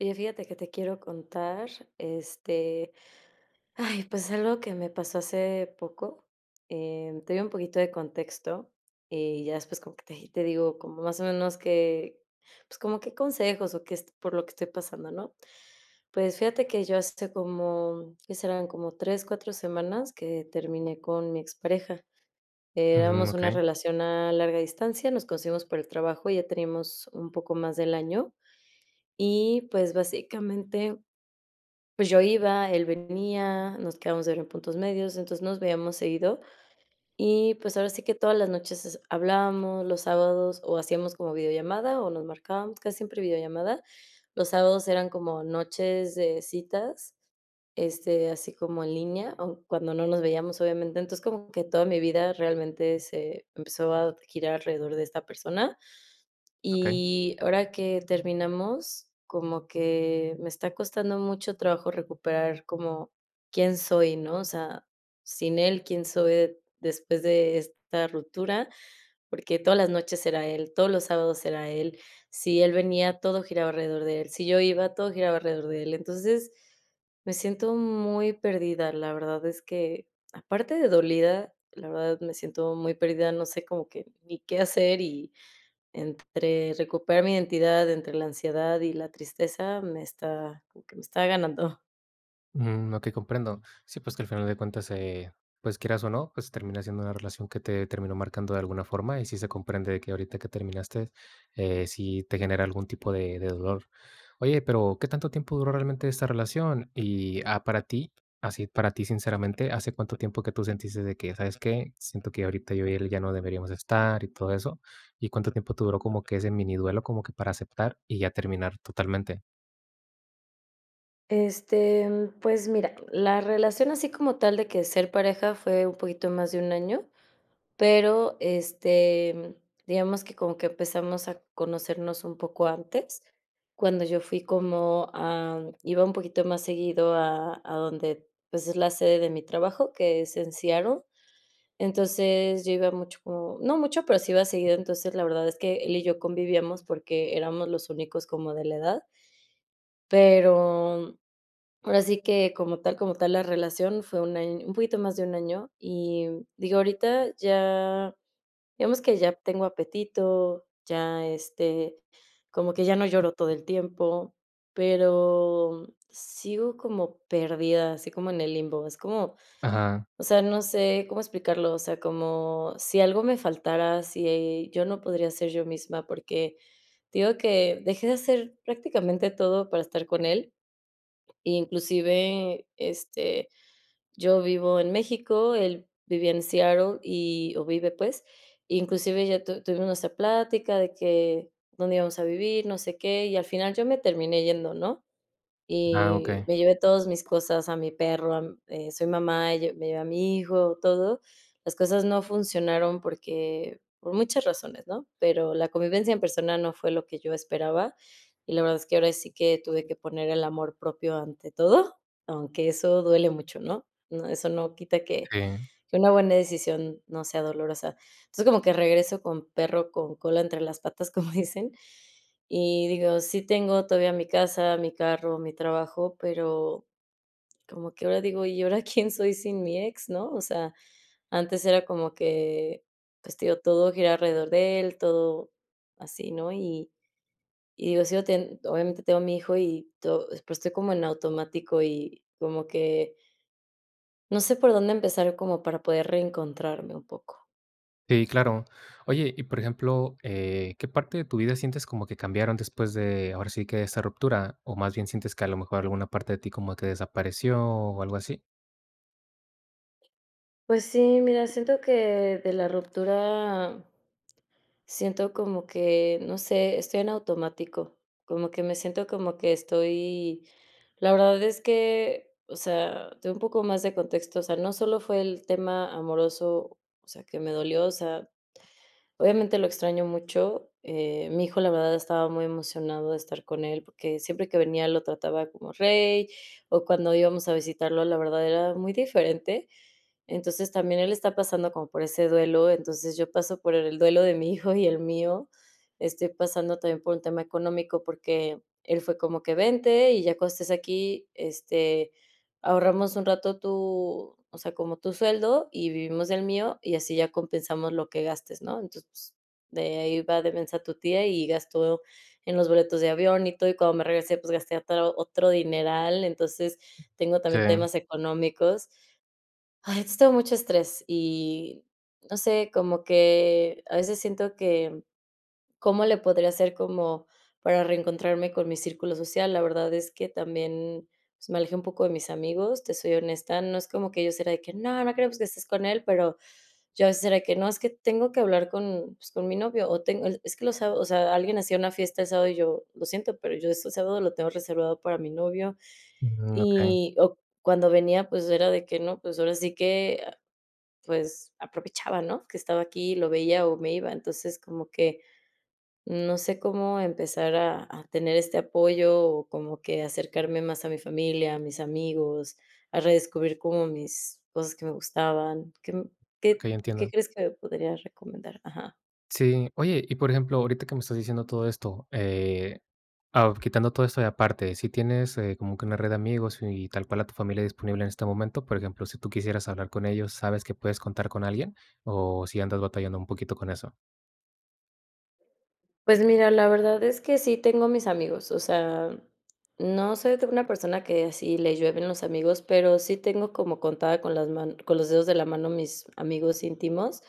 Oye, fíjate que te quiero contar, este, ay, pues, algo que me pasó hace poco. Eh, te doy un poquito de contexto, y ya después como que te y te digo, como más o menos que, pues como qué consejos o qué est por lo que estoy pasando, ¿no? Pues fíjate que yo hace como, ¿qué serán?, como 3, 4 semanas que terminé con mi expareja. Ujú, Éramos una okey. relación a larga distancia, nos conocimos por el trabajo, y ya teníamos un poco más del año, y pues básicamente, pues yo iba, él venía, nos quedábamos de ver en puntos medios, entonces nos veíamos seguido, y pues ahora sí que todas las noches es hablábamos, los sábados o hacíamos como videollamada o nos marcábamos casi siempre videollamada. Los sábados eran como noches de citas, este, así como en línea, aún cuando no nos veíamos, obviamente. Entonces, como que toda mi vida realmente se empezó a girar alrededor de esta persona, Okey. y ahora que terminamos, como que me está costando mucho trabajo recuperar como quién soy, ¿no? O sea, sin él, quién soy de después de esta ruptura, porque todas las noches era él, todos los sábados era él. Si él venía, todo giraba alrededor de él. Si yo iba, todo giraba alrededor de él. Entonces, me siento muy perdida, la verdad es que, aparte de dolida, la verdad me siento muy perdida, no sé como que ni qué hacer, y entre recuperar mi identidad, entre la ansiedad y la tristeza, me está como que me está ganando. Mm, okey comprendo. Sí, pues que al final de cuentas, eh, pues quieras o no, pues termina siendo una relación que te terminó marcando de alguna forma, y sí se comprende de que ahorita que terminaste, eh, sí te genera algún tipo de de dolor. Oye, pero, ¿qué tanto tiempo duró realmente esta relación?, y, ah, para ti, así para ti sinceramente, hace cuánto tiempo que tú sentiste de que: "¿Sabes qué?, siento que ahorita yo y él ya no deberíamos estar", y todo eso, ¿y cuánto tiempo te duró como que ese mini duelo, como que para aceptar y ya terminar totalmente? Este, mm, pues mira, la relación así como tal de que ser pareja fue un poquito más de 1 año, pero, este, mm, digamos que como que empezamos a conocernos un poco antes, cuando yo fui como, am, iba un poquito más seguido a a donde, pues, es la sede de mi trabajo, que es en Seattle. Entonces, yo iba mucho o no mucho, pero sí iba seguido, entonces, la verdad es que él y yo convivíamos porque éramos los únicos como de la edad. Pero, ahora sí que como tal como tal la relación fue 1 año, un poquito más de 1 año y, mm, digo, ahorita ya digamos que ya tengo apetito, ya, este, como que ya no lloro todo el tiempo, pero, mm, sigo como perdida, así como en el limbo, es como, Ajá. o sea, no sé cómo explicarlo, o sea, como si algo me faltara, si yo no podría ser yo misma, porque te digo que dejé de hacer prácticamente todo para estar con él, inclusive, este, yo vivo en México, él vivía en Seattle y o vive pues, inclusive ya tu tuvimos nuestra plática de que dónde íbamos a vivir, no sé qué, y al final yo me terminé yendo, ¿no? Ah, Y okey. me llevé todos mis cosas, a mi perro, a eh, soy mamá, yo me llevé a mi hijo, todo. Las cosas no funcionaron porque, por muchas razones, ¿no?, pero la convivencia en persona no fue lo que yo esperaba, y la verdad es que, ahora sí que tuve que poner el amor propio ante todo, aunque eso duele mucho, ¿no? No, eso no quita que Sí. que una buena decisión no sea dolorosa. Entonces, como que regreso con perro con cola entre las patas como dicen, y digo: "Sí tengo todavía mi casa, mi carro, mi trabajo", pero, como que ahora digo: "¿Y ahora quién soy sin mi ex", ¿no? O sea, antes era como que, pues, te digo, todo giraba alrededor de él, todo así, ¿no?, y y digo sigo ten obviamente, tengo a mi hijo y to y pues, estoy como en automático, y como que no sé por dónde empezar como para poder reencontrarme un poco. Sí, claro. Oye, y por ejemplo, eh, ¿qué parte de tu vida sientes como que cambiaron después de, ahora sí, que de esa ruptura? ¿O más bien sientes que a lo mejor alguna parte de ti como que desapareció, o algo así? Pues sí, mira, siento que de la ruptura Siento como que, no sé, estoy en automático. Como que me siento como que estoy La verdad es que O sea, te doy un poco más de contexto. O sea, no solo fue el tema amoroso, o sea, que me dolió, o sea, obviamente lo extraño mucho. Eh, mi hijo, la verdad, estaba muy emocionado de estar con él, porque siempre que venía lo trataba como rey, o cuando íbamos a visitarlo, la verdad, era muy diferente. Entonces, también él está pasando como por ese duelo, entonces, yo paso por el duelo de mi hijo y el mío. Estoy pasando también por un tema económico, porque él fue como que: "Vente, y ya cuando estés aquí, este, ahorramos un rato tu o sea, como tu sueldo, y vivimos del mío, y así ya compensamos lo que gastes, ¿no?" Entonces de ahí va de mensa tu tía, y gastó en los boletos de avión y todo, y cuando me regresé, pues gasté ata otro dineral, entonces, tengo también Sí. temas económicos. Ay, es todo mucho estrés y, no sé, como que a veces siento que, ¿cómo le podría hacer como para reencontrarme con mi círculo social? La verdad es que también, me alejé un poco de mis amigos, te soy honesta, no es como que ellos eran de que no, no queremos que estés con él, pero yo a veces era de que: "No, es que tengo que hablar con con mi novio, o tengo el" Es que los sa o sea, alguien hacía una fiesta el sábado y yo: "Lo siento, pero yo ese sábado lo tengo reservado para mi novio", Mm, okey. y o cuando venía, pues, era de que no, pues, ahora sí que, ah, pues, aprovechaba, ¿no?, que estaba aquí y lo veía, o me iba. Entonces, como que, no sé cómo empezar a a tener este apoyo, o como que acercarme más a mi familia, a mis amigos, a redescubrir como mis cosas que me gustaban. ¿Qué m qué Okey, qué entiendo. crees que me podrías recomendar? Ajá. Sí, oye, y, por ejemplo, ahorita que me estás diciendo todo esto, eh, ao quitando todo esto, y aparte, si tienes, eh, como que una red de amigos, y tal cual a tu familia disponible en este momento, por ejemplo, si tú quisieras hablar con ellos, ¿sabes que puedes contar con alguien? ¿O sí andas batallando un poquito con eso? Pues, mira la verdad es que sí tengo a mis amigos, o sea, no soy de una persona que así le llueven los amigos, pero, sí tengo como contada, con las man con los dedos de la mano mis amigos íntimos,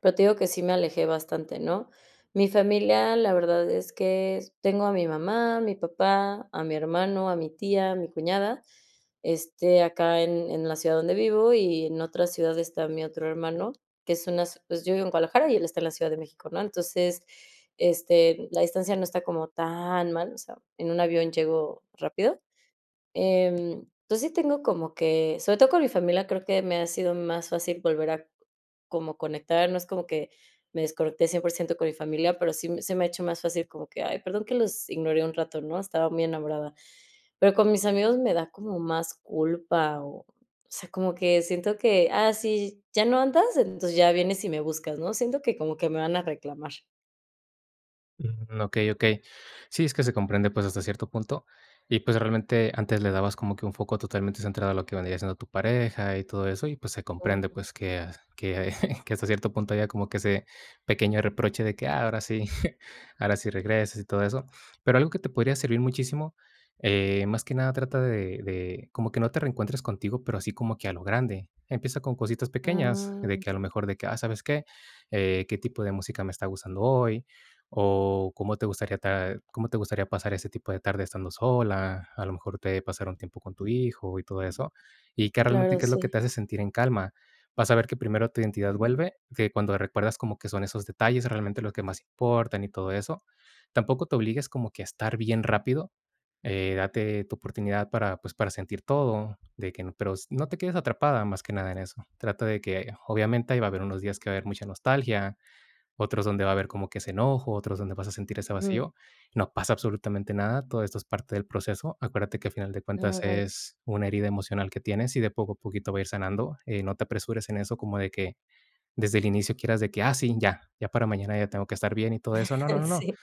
pero, te digo que sí me alejé bastante, ¿no? Mi familia, la verdad es que tengo a mi mamá, a mi papá, a mi hermano, a mi tía, a mi cuñada. Este, acá en en la ciudad donde vivo, y en otra ciudad está mi otro hermano, que es una s Pues, yo vivo en Guadalajara, y él está en la Ciudad de México, ¿no? Entonces, este, la distancia no está como tan mal, o sea, en un avión llego rápido. Em, entonces, sí tengo como que, sobre todo con mi familia creo que me ha sido más fácil volver a como conectar, no es como que me desconecté 100% con mi familia, pero, sí m se me ha hecho más fácil, como que: "Ay, perdón que los ignoré un rato, ¿no? Estaba muy enamorada". Pero, con mis amigos me da como más culpa o, o sea, como que siento que: "Ah, sí, ya no andas, entonces ya vienes y me buscas, ¿no?". Siento que, como que me van a reclamar. Mm, okey, okey. Sí, es que se comprende, pues, hasta cierto punto, y pues, realmente, antes le dabas como que un foco totalmente centrado a lo que vendría siendo tu pareja y todo eso, y pues, se comprende, Oh. pues, que que que hasta cierto punto había como que ese pequeño reproche de que: "Ah, ahora sí, ahora sí regresas, y todo eso". Pero algo que te podría servir muchísimo, eh, más que nada trata de de como que no te reencuentres contigo, pero así como que a lo grande. Empieza con cositas pequeñas, Ah. de que a lo mejor de que: "Ah, ¿sabes qué? Eh, ¿qué tipo de música me está gustando hoy?", o ¿cómo te gustaría ta cómo te gustaría pasar ese tipo de tarde estando sola? A lo mejor te eh, pasar un tiempo con tu hijo y todo eso. Y que realmente, Claro, ¿qué es lo que sí. te hace sentir en calma? Vas a ver que primero tu identidad vuelve, de cuando recuerdas como que son esos detalles realmente los que más importan y todo eso, tampoco te obligues como que a estar bien rápido. Eh, date tu oportunidad para, pues, para sentir todo de que n pero no te quedes atrapada más que nada en eso. Trata de que, obviamente, ahí va a haber unos días que va a haber mucha nostalgia, otros donde va a haber como que ese enojo, otros donde vas a sentir ese Ujú. vacío. No pasa absolutamente nada, todo esto es parte del proceso. Acuérdate que, a final de Ah, cuentas, bueno. es una herida emocional que tienes, y de poco a poquito va a ir sanando. Eh, no te apresures en eso, como de que desde el inicio quieras de que: "Ah sí, ya, ya para mañana ya tengo que estar bien y todo eso". No, no, no, no. Sí.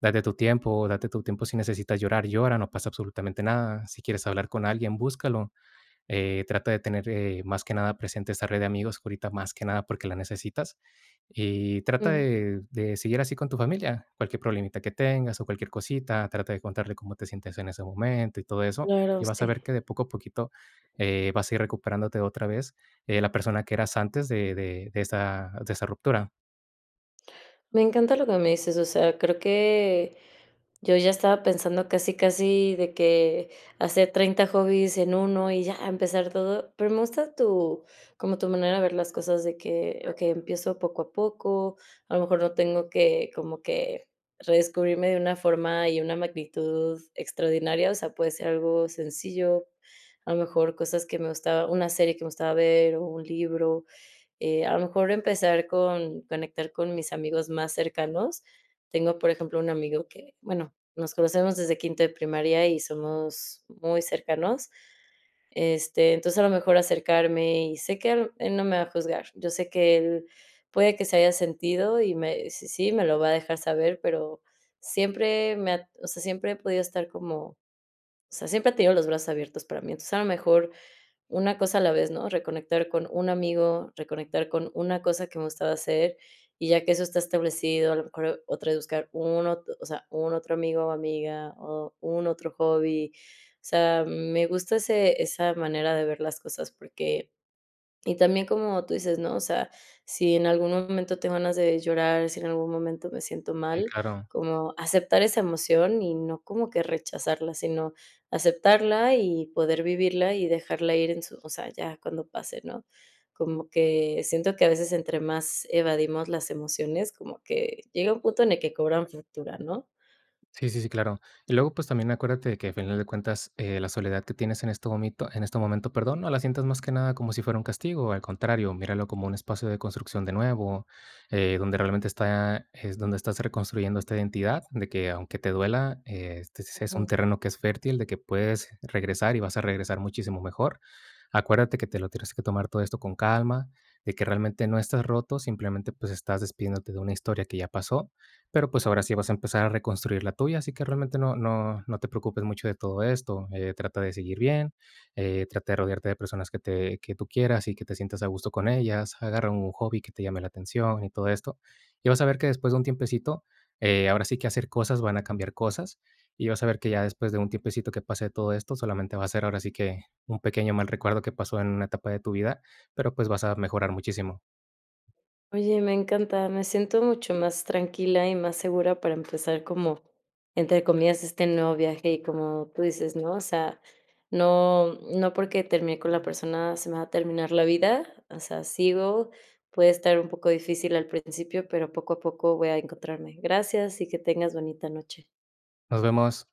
Date tu tiempo, date tu tiempo. Si necesitas llorar, llora, no pasa absolutamente nada. Si quieres hablar con alguien, búscalo. Eh, trata de tener, eh, más que nada, presente esa red de amigos, ahorita más que nada porque la necesitas. Y trata Mm. de de seguir así con tu familia, cualquier problemita que tengas, o cualquier cosita, trata de contarle cómo te sientes en ese momento y todo eso. Claro. Y vas a Sí. ver que de poco a poquito, eh, vas a ir recuperándote otra vez, eh, la persona que eras antes de de de esa de esa ruptura. Me encanta lo que me dices, o sea, creo que yo ya estaba pensando casi casi de que hacer 30 hobbies en 1 y ya, empezar todo. Pero me gusta tu como tu manera de ver las cosas de que okey, empiezo poco a poco, a lo mejor no tengo que como que redescubrirme de una forma y una magnitud extraordinaria, o sea, puede ser algo sencillo, a lo mejor cosas que me gustaba una serie que me gustaba ver o un libro, eh, a lo mejor empezar con conectar con mis amigos más cercanos. Tengo, por ejemplo, un amigo que, bueno, nos conocemos desde quinto de primaria y somos muy cercanos, este, entonces, a lo mejor acercarme, y sé que a lo él no me va a juzgar, yo sé que él puede que se haya sentido y me si sí, me lo va a dejar saber, pero siempre me ha o sea, siempre he podido estar como o sea, siempre ha tenido los brazos abiertos para mí, entonces, a lo mejor una cosa a la vez, ¿no? Reconectar con un amigo, reconectar con una cosa que me gustaba hacer, y ya que eso está establecido, a lo mejor otra vez buscar un ot o sea, un otro amigo o amiga, o un otro hobby, o sea, me gusta ese esa manera de ver las cosas porque Y también como tú dices, ¿no? O sea, si en algún momento tengo ganas de llorar, si en algún momento me siento Sí, mal, claro. como aceptar esa emoción, y no como que rechazarla, sino aceptarla, y poder vivirla y dejarla ir en su o sea, ya cuando pase, ¿no? Como que siento que a veces entre más evadimos las emociones, como que llega un punto en el que cobran factura, ¿no? Sí, sí, sí, claro, y luego, pues, también acuérdate que, a final de cuentas, eh, la soledad que tienes en este momento, en este momento, perdón, no la sientas más que nada como si fuera un castigo, al contrario, míralo como un espacio de construcción de nuevo, eh, donde realmente está es donde estás reconstruyendo esta identidad, de que, aunque te duela, eh, este es un Ujú. terreno que es fértil, de que puedes regresar, y vas a regresar muchísimo mejor, acuérdate que te lo tienes que tomar todo esto con calma, de que realmente no estás roto, simplemente, pues, estás despidiéndote de una historia que ya pasó, pero, pues, ahora sí vas a empezar a reconstruir la tuya, así que realmente no no no te preocupes mucho de todo esto, eh, trata de seguir bien, eh, trata de rodearte de personas que te que tú quieras y que te sientas a gusto con ellas, agarra un hobby que te llame la atención y todo esto, y vas a ver que después de un tiempecito, eh, ahora sí que hacer cosas van a cambiar cosas, y vas a ver que ya después de un tiempecito que pase todo esto, solamente va a ser ahora sí que un pequeño mal recuerdo que pasó en una etapa de tu vida, pero, pues, vas a mejorar muchísimo. Oye, me encanta, me siento mucho más tranquila y más segura para empezar como, entre comillas, "este nuevo viaje" y como tú dices, ¿no?, o sea, no no porque terminé con la persona, se me va a terminar la vida, o sea, sigo, puede estar un poco difícil al principio, pero poco a poco voy a encontrarme. Gracias y que tengas bonita noche. Nos vemos.